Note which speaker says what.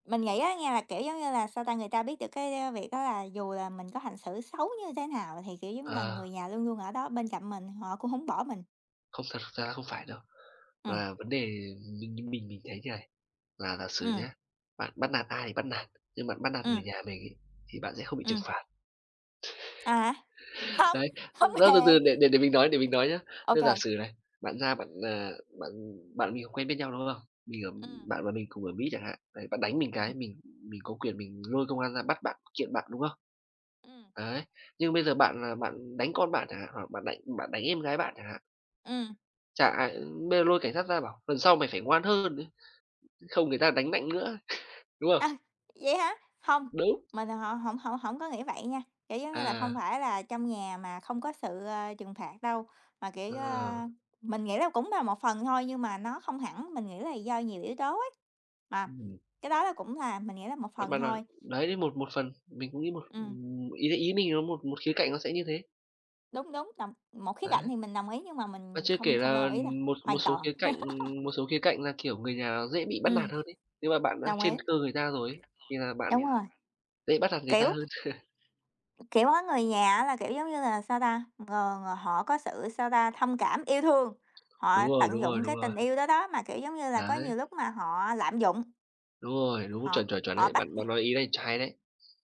Speaker 1: Mình nghĩ á nha là, kiểu, giống như là, sao ta, người ta biết được cái, ơ, việc đó là dù là mình có hành xử xấu như thế nào thì, kiểu, giống như là,
Speaker 2: Ờ.
Speaker 1: người nhà luôn luôn ở đó bên cạnh mình, họ cũng hổng bỏ mình.
Speaker 2: Không thật ra không phải đâu.
Speaker 1: Ừm.
Speaker 2: Và vấn đề mình mình mình mình thấy thế này, là giả sử
Speaker 1: Ừm.
Speaker 2: nhá, bạn bắt nạt ai thì bắt nạt, nhưng bạn bắt nạt
Speaker 1: Ừm.
Speaker 2: người nhà mình ấy thì bạn sẽ không bị trừng
Speaker 1: Ừm.
Speaker 2: phạt.
Speaker 1: À! Hông,
Speaker 2: Đấy,
Speaker 1: hông
Speaker 2: ơ, từ
Speaker 1: hề!
Speaker 2: từ để để để mình nói để mình nói nhá. Thế giả
Speaker 1: OK.
Speaker 2: sử này, bạn ra bạn, ờ, bạn bạn mình không quen biết nhau, đúng không? Mình ở
Speaker 1: Ừm.
Speaker 2: bạn và mình cùng ở Mỹ chẳng hạn, đấy bạn đánh mình
Speaker 1: Ừm.
Speaker 2: cái mình mình có quyền mình lôi công an ra bắt bạn kiện bạn, đúng không?
Speaker 1: Ừm.
Speaker 2: Đấy, nhưng bây giờ bạn bạn đánh con bạn chẳng hạn, hoặc bạn đánh bạn đánh em gái bạn chẳng hạn
Speaker 1: Ừm.
Speaker 2: chả ai, ưm, bây giờ lôi cảnh sát ra bảo: "Lần sau mày phải ngoan hơn đấy, không người ta đánh mạnh nữa." đúng
Speaker 1: À,
Speaker 2: không?
Speaker 1: vậy hả? Hông,
Speaker 2: Đúng.
Speaker 1: mình mà họ hổng hổng hổng có nghĩ vậy nha, kiểu, giống như là, hông
Speaker 2: À.
Speaker 1: phải là trong nhà mà không có sự, ơ, trừng phạt đâu, mà, kiểu,
Speaker 2: Ờ.
Speaker 1: a, mình nghĩ là cũng là một phần thôi nhưng mà nó không hẳn, mình nghĩ là do nhiều yếu tố ấy, mà
Speaker 2: Ừm.
Speaker 1: cái đó là cũng là mình nghĩ là một
Speaker 2: Bạn
Speaker 1: phần
Speaker 2: bạn bạn
Speaker 1: thôi.
Speaker 2: đấy, một một phần, mình cũng nghĩ một
Speaker 1: Ừm.
Speaker 2: ừm, ý ý mình một một khía cạnh nó sẽ như thế.
Speaker 1: Đúng, đúng, đồng một khía cạnh
Speaker 2: Đấy.
Speaker 1: thì mình đồng ý nhưng mà
Speaker 2: Và
Speaker 1: mình
Speaker 2: chưa
Speaker 1: không
Speaker 2: kể
Speaker 1: không
Speaker 2: là,
Speaker 1: đồng ý đâu,
Speaker 2: ừm, một một
Speaker 1: hoàn
Speaker 2: số
Speaker 1: toàn.
Speaker 2: khía cạnh, ừm, một số khía cạnh là, kiểu, người nhà dễ bị bắt
Speaker 1: Ừm.
Speaker 2: nạt hơn ấy. Nhưng mà bạn đã
Speaker 1: Đồng ý.
Speaker 2: trên cơ người ta rồi ấy thì là
Speaker 1: Đúng
Speaker 2: bạn
Speaker 1: rồi,
Speaker 2: dễ bắt nạt người ta
Speaker 1: kiểu
Speaker 2: hơn.
Speaker 1: Kiểu, có người nhà á là, kiểu, giống như là, sao ta, ờ, họ có sự, sao ta, thông cảm, yêu thương,
Speaker 2: Đúng
Speaker 1: họ
Speaker 2: rồi,
Speaker 1: tận
Speaker 2: đúng rồi,
Speaker 1: dụng
Speaker 2: đúng
Speaker 1: cái
Speaker 2: rồi.
Speaker 1: tình yêu đó đó, mà, kiểu, giống như là, có
Speaker 2: Đấy.
Speaker 1: nhiều lúc mà họ lạm dụng,
Speaker 2: Đúng rồi, đúng,
Speaker 1: họ
Speaker 2: chuẩn, chuẩn, chuẩn,
Speaker 1: họ
Speaker 2: đấy,
Speaker 1: bắt
Speaker 2: bạn bạn
Speaker 1: [unintelligible]
Speaker 2: nói ý này ch hay đấy.